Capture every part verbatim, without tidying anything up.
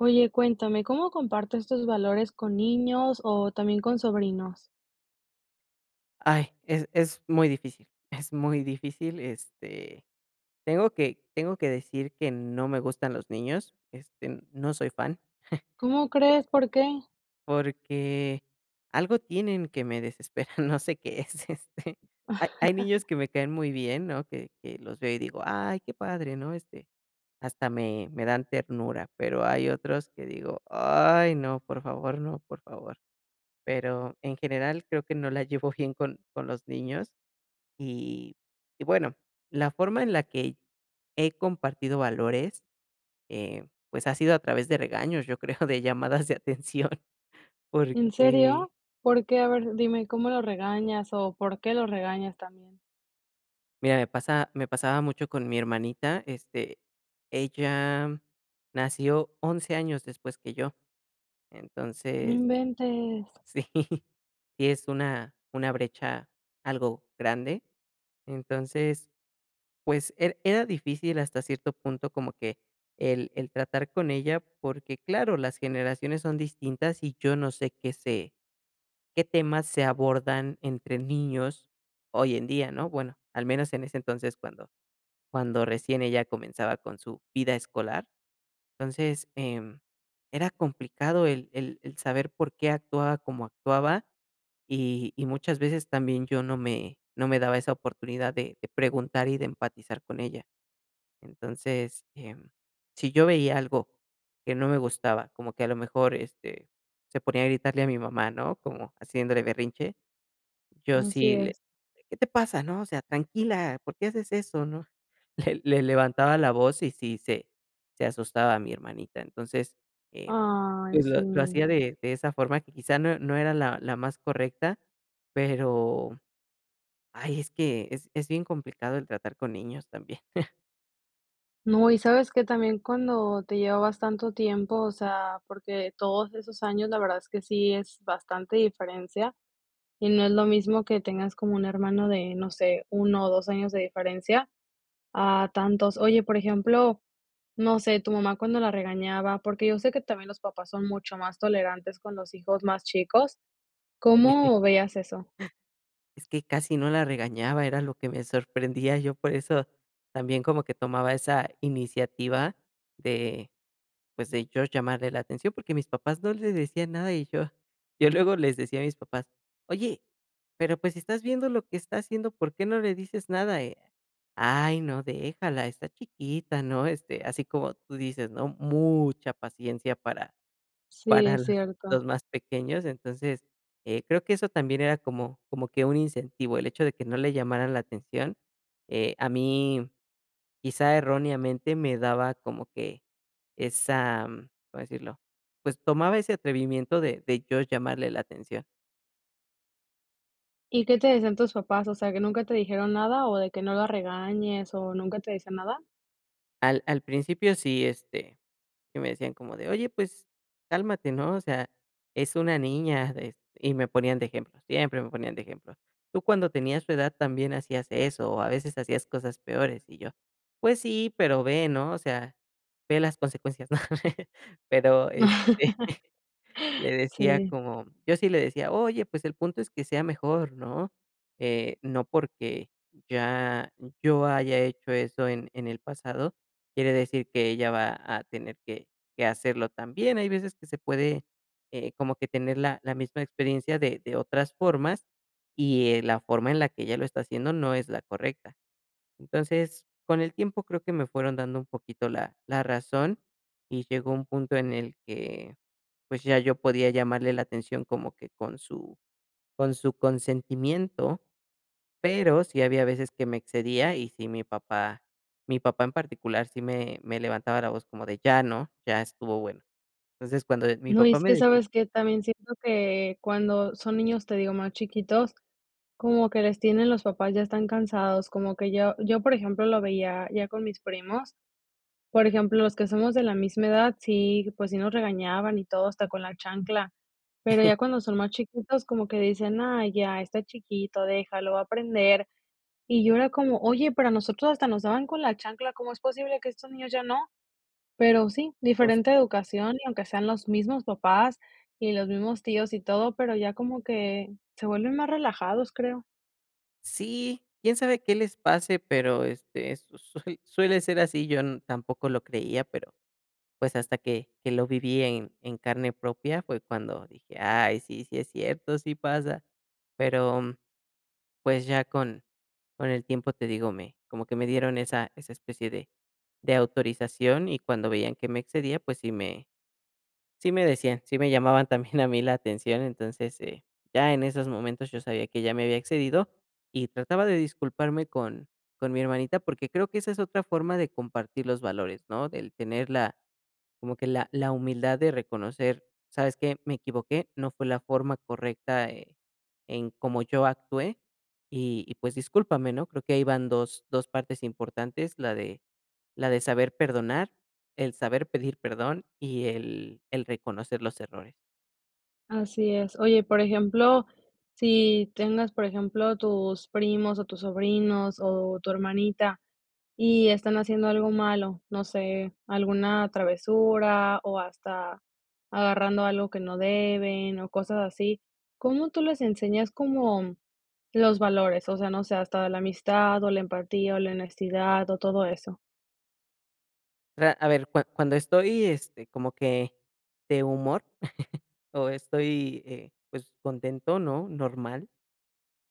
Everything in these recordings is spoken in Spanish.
Oye, cuéntame, ¿cómo comparto estos valores con niños, o también con sobrinos? Ay, es es muy difícil, es muy difícil, este, tengo que tengo que decir, que no me gustan los niños, este, no soy fan. ¿Cómo crees? ¿Por qué? Porque algo tienen que me desesperan, no sé qué es, este, hay hay niños que me caen muy bien, ¿no? Que que los veo, y digo: "Ay qué padre", ¿no? Este, hasta me me dan ternura, pero, hay otros que digo: "Ay, no, por favor, no, por favor", pero, en general, creo que no la llevo bien con con los niños, y y bueno, la forma en la que he compartido valores, eh, pues, ha sido a través de regaños, yo creo, de llamadas de atención, ¿En porque serio? ¿Por qué? A ver, dime, ¿cómo lo regañas, o por qué lo regañas también? mira, me pasa me pasaba mucho con mi hermanita, este, ella nació once, años, después que yo, No entonces inventes. sí, si es una una brecha algo grande, entonces, pues, era era difícil hasta cierto punto, como que el el tratar con ella, porque claro, las generaciones son distintas, y yo no sé, qué sé qué temas se abordan entre niños hoy en día, ¿no? Bueno, al menos en ese entonces, cuando cuando recién ella comenzaba con su vida escolar, entonces, em, era complicado el el el saber por qué, actuaba como actuaba, y y muchas veces, también, yo no me no me daba esa oportunidad de de preguntar y de empatizar con ella. Entonces, em, si yo veía algo que no me gustaba, como que a lo mejor, este, se ponía a gritarle a mi mamá, ¿no? Como haciéndole berrinche, yo Así sí le: es. "¿Qué te pasa? ¿No? O sea, tranquila, ¿por qué haces eso?". ¿No? Le le levantaba la voz, y sí, se se asustaba mi hermanita, entonces, eh, Ay, pues, lo sí. lo hacía de de esa forma, que quizá, no no era la la más correcta, pero, ay es que, es es bien complicado, el tratar con niños también. No, y ¿sabes qué?, también cuando te llevabas tanto tiempo, o sea, porque todos esos años, la verdad es que sí es bastante diferencia, y no es lo mismo que tengas como un hermano de, no sé, uno o dos años de diferencia a tantos. Oye, por ejemplo, no sé, tu mamá cuando la regañaba, porque yo sé que también los papás son mucho más tolerantes con los hijos más chicos, ¿cómo veías eso? Es que casi no la regañaba, era lo que me sorprendía. Yo por eso también como que tomaba esa iniciativa de, pues de yo llamarle la atención, porque mis papás no le decían nada y yo yo luego les decía a mis papás: "Oye, pero pues si estás viendo lo que está haciendo, ¿por qué no le dices nada?" "Ay, no, déjala, está chiquita", ¿no? Este, así como tú dices, ¿no? Mucha paciencia para Sí, para, es los los cierto. más pequeños. Entonces, eh, creo que eso también era como como que un incentivo, el hecho de que no le llamaran la atención. Eh, a mí, quizá erróneamente, me daba como que esa, ¿cómo decirlo? Pues, tomaba ese atrevimiento de de yo llamarle la atención. ¿Y qué te dicen tus papás? O sea, que, ¿nunca te dijeron nada, o, de que no la regañes, o, nunca te dicen nada? Al al principio sí, este, sí me decían como de: "Oye, pues, cálmate", ¿no? O sea, "es una niña", de y me ponían de ejemplo, siempre me ponían de ejemplo: "Tú cuando tenías su edad también hacías eso, o, a veces hacías cosas peores". Y yo: "Pues sí, pero ve, ¿no? O sea, ve las consecuencias", ¿no? Pero, este, le decía Sí. como yo sí le decía: "Oye, pues, el punto es que sea mejor", ¿no? Eh, no porque ya yo haya hecho eso en en el pasado, quiere decir que ella va a tener que que hacerlo también. Hay veces que se puede, eh, como que tener la la misma experiencia de de otras formas, y, eh, la forma en la que ella lo está haciendo no es la correcta. Entonces, con el tiempo, creo que me fueron dando un poquito la la razón, y llegó un punto en el que, pues, ya yo podía llamarle la atención como que con su con su consentimiento, pero sí había veces que me excedía y sí mi papá mi papá en particular, sí me me levantaba la voz como de: "Ya, ¿no? Ya estuvo bueno". Entonces, cuando mi No, papá es me que, decía ¿sabes qué? También siento que cuando son niños, te digo, más chiquitos, como que les tienen, los papás ya están cansados, como que yo yo, por ejemplo, lo veía ya con mis primos. Por ejemplo, los que somos de la misma edad, sí, pues sí, nos regañaban y todo, hasta con la chancla, pero ya cuando son más chiquitos como que dicen: "Ay, ya, está chiquito, déjalo va a aprender". Y yo era como: "Oye, pero a nosotros hasta nos daban con la chancla, ¿cómo es posible que a estos niños ya no?". Pero sí, [unintelligible] diferente educación, y aunque sean los mismos papás, y los mismos tíos, y todo, pero ya como que se vuelven más relajados, creo. Sí, quién sabe qué les pase, pero, este, su sue suele, ser así, yo tampoco lo creía, pero, pues, hasta que que lo viví en en carne propia, fue cuando dije: "Ay, sí sí es cierto, sí pasa". Pero, mm, pues, ya con con el tiempo, te digo, me como que me dieron esa esa especie de de autorización, y cuando veían que me excedía, pues, sí me sí me decían, sí me llamaban también a mí la atención, entonces, eh, ya en esos momentos yo sabía que ya me había excedido, y trataba de disculparme con con mi hermanita, porque, creo que esa es otra forma de compartir los valores, ¿no? Del tener la, como que la la humildad de reconocer, ¿sabes qué? Me equivoqué, no fue la forma correcta, eh, en cómo yo actué, y y pues, discúlpame, ¿no? Creo que ahí van dos-dos partes importantes, la de la de saber perdonar, el saber pedir perdón y el el reconocer los errores. Así es. Oye, por ejemplo, si tengas, por ejemplo, tus primos, o tus sobrinos o tu hermanita, y están haciendo algo malo, no sé, alguna travesura, o hasta agarrando algo que no deben o cosas así, ¿cómo tú les enseñas, como los valores? O sea, no sé, hasta la amistad, o la empatía, o la honestidad o todo eso. Mira, a ver cua cuando estoy, este, como que de humor o estoy, eh, pues, contento, ¿no?, normal,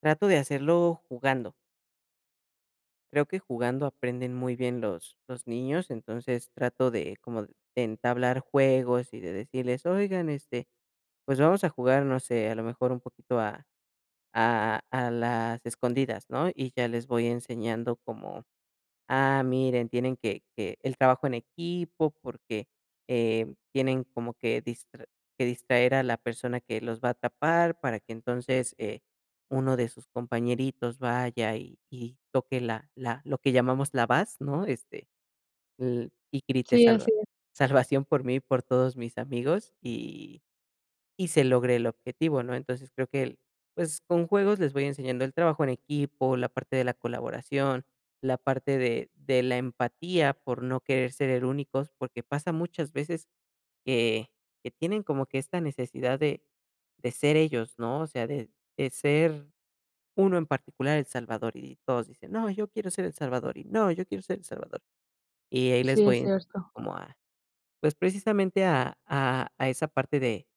trato de hacerlo jugando. Creo que jugando aprenden muy bien los los niños, entonces trato de como de entablar juegos y de decirles: "Oigan, este, pues vamos a jugar, no sé, a lo mejor un poquito a a a a las escondidas", ¿no?, y ya les voy enseñando como: "ah, miren, tienen que que el trabajo en equipo, porque, eh, tienen como que distra que distraer a la persona que los va a tapar para que entonces, eh, uno de sus compañeritos vaya y y toque la la lo que llamamos la bas",¿no?, este, "y grite Sí, así salva es. salvación por mí y por todos mis amigos, y y se logre el objetivo", ¿no? Entonces, creo que el, pues, con juegos les voy enseñando el trabajo en equipo, la parte de la colaboración, la parte de de la empatía por no querer ser e únicos, porque pasa muchas veces que que tienen como que esta necesidad de de ser ellos ¿no? o sea, de de ser uno en particular el salvador, y todos dicen: "No, yo quiero ser el salvador, y no, yo quiero ser el salvador". Y ahí Si, les voy es en cierto. como a pues, precisamente a a a esa parte de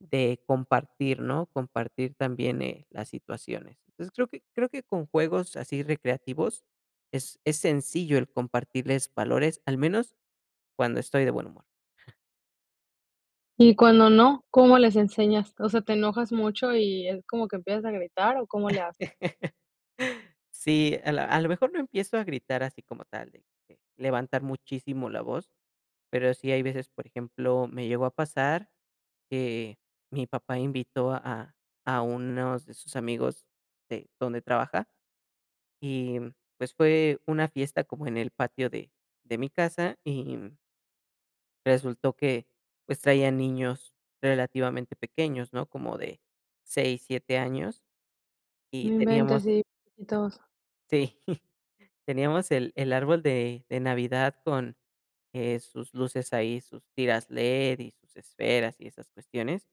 de compartir, ¿no?, compartir también, eh, las situaciones. Entonces, creo que creo que con juegos así recreativos es es sencillo el compartirles valores, al menos cuando estoy de buen humor. ¿Y cuando no, cómo les enseñas? O sea, ¿te enojas mucho, y es como que empiezas a gritar o cómo le haces? Sí, a la a lo mejor no empiezo a gritar así como tal, de que, levantar muchísimo la voz, pero sí hay veces, por ejemplo, me llegó a pasar que mi papá invitó a a unos de sus amigos de donde trabaja y, mm, pues, fue una fiesta como en el patio de de mi casa y, mm resultó que, pues, traian niños relativamente pequeños, ¿no? Como de seis, siete, años, No y teníamos, inventes, sí chiquitos. sí, teníamos el el árbol de de Navidad con, eh, sus luces ahí, sus tiras LED, y sus esferas y esas cuestiones,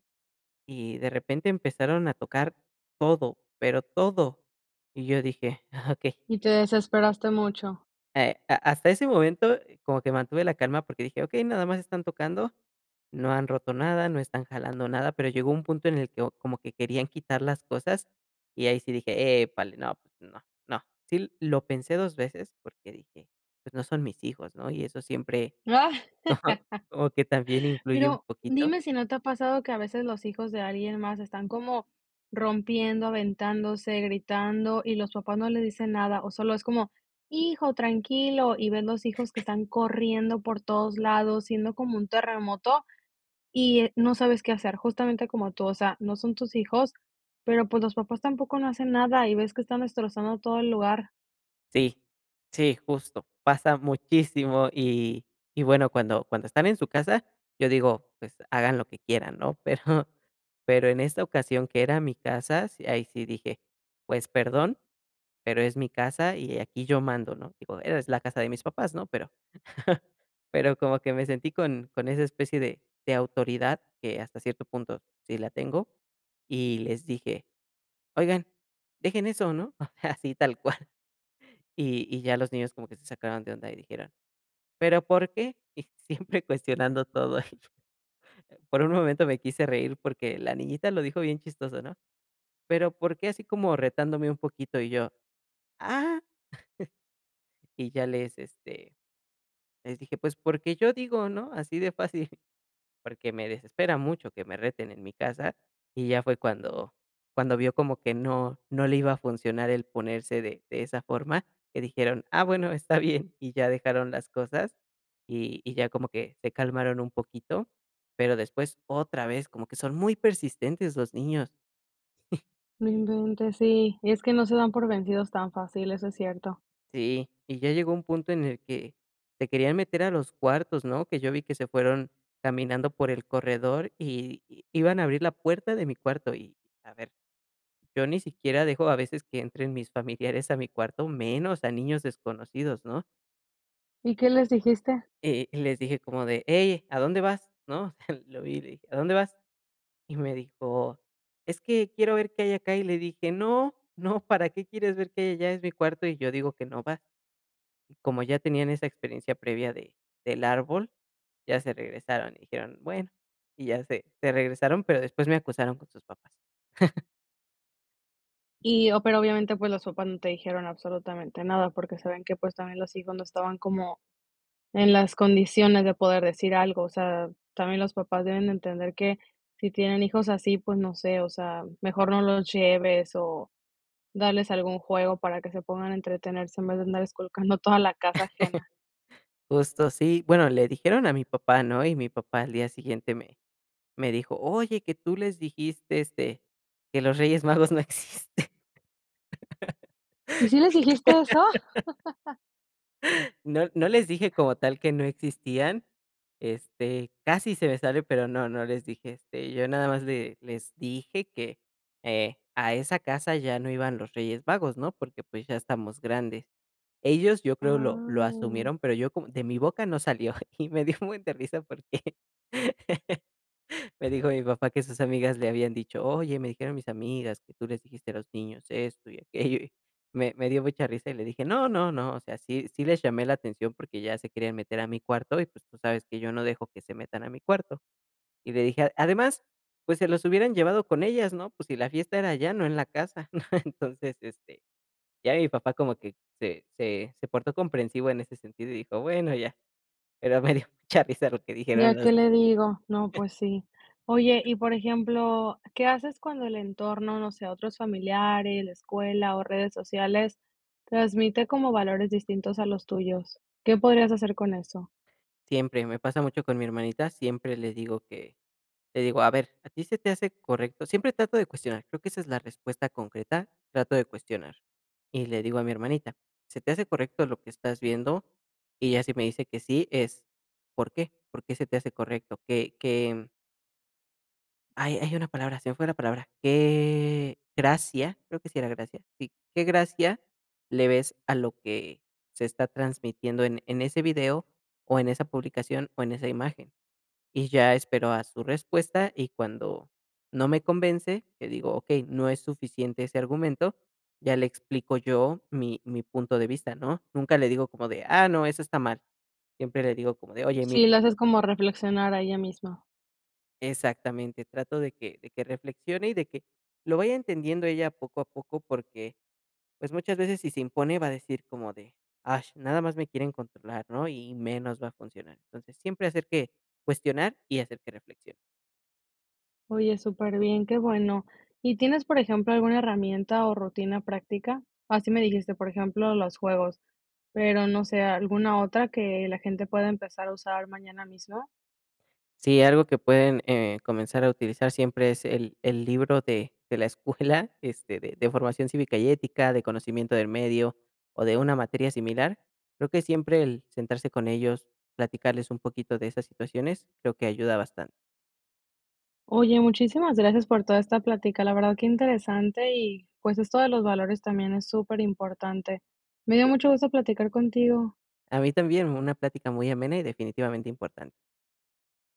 y de repente empezaron a tocar todo, pero todo, y yo dije: "Ah okey". Y te desesperaste mucho. Eh, ha hasta ese momento, como que mantuve la calma, porque dije: "Okey, nada más están tocando, no han roto nada, no están jalando nada", pero llegó un punto en el que como que querían quitar las cosas, y ahí sí dije: "Epale, no, no, no". Sí, lo pensé dos, veces, porque dije: "Pues, no son mis hijos", ¿no? Y eso siempre, no, como que también influye un Pero, poquito. dime si no te ha pasado, que a veces los hijos de alguien más, están como rompiendo, aventándose, gritando, y los papás no les dicen nada, o solo es como: "Hijo, tranquilo", y ves los hijos que están corriendo por todos lados, siendo como un terremoto, y eh, no sabes qué hacer, justamente como tú, o sea, no son tus hijos, pero, pues, los papás tampoco no hacen nada, y ves que están destrozando todo el lugar. Sí. Sí, justo, pasa muchísimo, y y bueno, cuando cuando están en su casa, yo digo, pues, hagan lo que quieran, ¿no? Pero pero en esta ocasión que era mi casa, sí, ahí sí dije, pues perdón, pero es mi casa y aquí yo mando, ¿no? Digo, era es la casa de mis papás, ¿no? Pero pero como que me sentí con con esa especie de de autoridad, que hasta cierto punto sí la tengo, y les dije: "Oigan, dejen eso, ¿no?". O sea, así tal cual, y y ya los niños como que se sacaron de onda y dijeron: "Pero, ¿por qué?". Y siempre cuestionando todo. Por un momento me quise reír porque la niñita lo dijo bien chistoso, ¿no? "Pero, ¿por qué?". Así como retándome un poquito. Y yo, ah y ya les, este, les dije: "Pues, porque yo digo, ¿no? Así de fácil", porque me desespera mucho que me reten en mi casa, y ya fue cuando cuando vio como que no no le iba a funcionar el ponerse de de esa forma, que dijeron: "Ah, bueno, está bien", y ya dejaron las cosas y y ya como que se calmaron un poquito, pero después otra vez, como que son muy persistentes los niños. No inventes, sí. Es que no se dan por vencidos tan fácil. Eso es cierto. Sí, y ya llegó a un punto en el que se querían meter a los cuartos, ¿no? Que yo vi que se fueron caminando por el corredor y y iban a abrir la puerta de mi cuarto y a ver, yo ni siquiera dejo a veces que entren mis familiares a mi cuarto, menos a niños desconocidos, ¿no? ¿Y qué les dijiste? Eh, les dije como de, hey, ¿a dónde vas? ¿No? Lo vi y le dije: "¿A dónde vas?". Y me dijo: "Es que quiero ver qué hay acá". Y le dije: "No, no, ¿para qué quieres ver que hay allá? Es mi cuarto y yo digo que no vas". Y como ya tenían esa experiencia previa de del árbol, ya se regresaron y dijeron: "Bueno", y ya se se regresaron, pero después me acusaron con sus papás. Y, o pero, obviamente, pues, los papás no te dijeron absolutamente nada, porque saben que, pues, también los hijos no estaban como en las condiciones de poder decir algo. O sea, también los papás deben de entender que si tienen hijos así, pues, no sé, o sea, mejor no los lleves o darles algún juego para que se pongan a entretenerse en vez de andar esculcando toda la casa ajena. Justo sí, bueno, le dijeron a mi papá, ¿no? Y mi papá al día siguiente me me dijo: "Oye, que tú les dijiste, este, que los Reyes Magos no existen". ¿Y sí les dijiste eso? No no les dije como tal que no existían, este, casi se me sale, pero no, no les dije. Este, yo nada más le les dije que, eh, a esa casa ya no iban los Reyes Magos, ¿no? Porque, pues, ya estamos grandes. Ellos, yo creo, lo lo Ah. asumieron, pero yo como de mi boca no salió, y me dio un buen de risa porque me dijo mi papá que sus amigas le habían dicho, oye, me dijeron mis amigas que tú les dijiste a los niños esto y aquello. Me me dio mucha risa y le dije: "No, no, no. O sea, sí sí les llamé la atención porque ya se querían meter a mi cuarto y, pues, tú sabes que yo no dejo que se metan a mi cuarto". Y le dije, "a además, pues, se los hubieran llevado con ellas, ¿no? Pues si la fiesta era allá, no en la casa". Entonces, este, ya mi papá como que se se se portó comprensivo en ese sentido y dijo: "Bueno, ya", pero me dio mucha risa lo que Ya. dijeron los ¿Qué le digo? No, pues sí. Oye, y por ejemplo, ¿qué haces cuando el entorno, no sé, otros familiares, la escuela o redes sociales transmite como valores distintos a los tuyos? ¿Qué podrías hacer con eso? Siempre, y me pasa mucho con mi hermanita. Siempre le digo que le digo: "A ver, ¿a ti se te hace correcto?". Siempre trato de cuestionar, creo que esa es la respuesta concreta, trato de cuestionar y le digo a mi hermanita: "¿Se te hace correcto lo que estás viendo?". Y ella, si me dice que sí, es, ¿por qué? ¿Por qué se te hace correcto? ¿Qué qué? Hay hay una palabra, se me fue la palabra, ¿qué gracia? Creo que sí era gracia, sí, ¿qué gracia le ves, a lo que se está transmitiendo en en ese video, o en esa publicación, o en esa imagen? Y ya espero a su respuesta, y cuando no me convence, le digo: "Okey, no es suficiente ese argumento", ya le explico yo mi mi punto de vista, ¿no? Nunca le digo como de: "Ah, no, eso está mal". Siempre le digo como de: "Oye, mir" Sí, la haces como reflexionar, ahí ya mismo. Exactamente, trato de que de que reflexione, y de que lo vaya entendiendo ella poco a poco porque, pues, muchas veces si se impone va a decir como de: "Ash, nada más me quieren controlar", ¿no? Y y menos va a funcionar. Entonces, siempre hacer que cuestionar, y hacer que reflexione. Oye, superbién, qué bueno, ¿y tienes, por ejemplo, alguna herramienta, o rutina práctica? Ah, sí me dijiste, por ejemplo, los juegos, pero, no sé, ¿alguna otra, que la gente pueda empezar a usar mañana mismo? Si, algo que pueden, eh, comenzar a utilizar siempre es el el libro de de la escuela, este, de de formación cívica y ética, de conocimiento del medio, o de una materia similar, creo que siempre el sentarse con ellos, platicarles un poquito de esas situaciones, creo que ayuda bastante. Oye, muchísimas gracias por toda esta plática, la verdad, qué interesante y, pues, esto de los valores, también es superimportante. Me dio Sí. mucho gusto platicar contigo. A mí también, una plática muy amena, y definitivamente importante.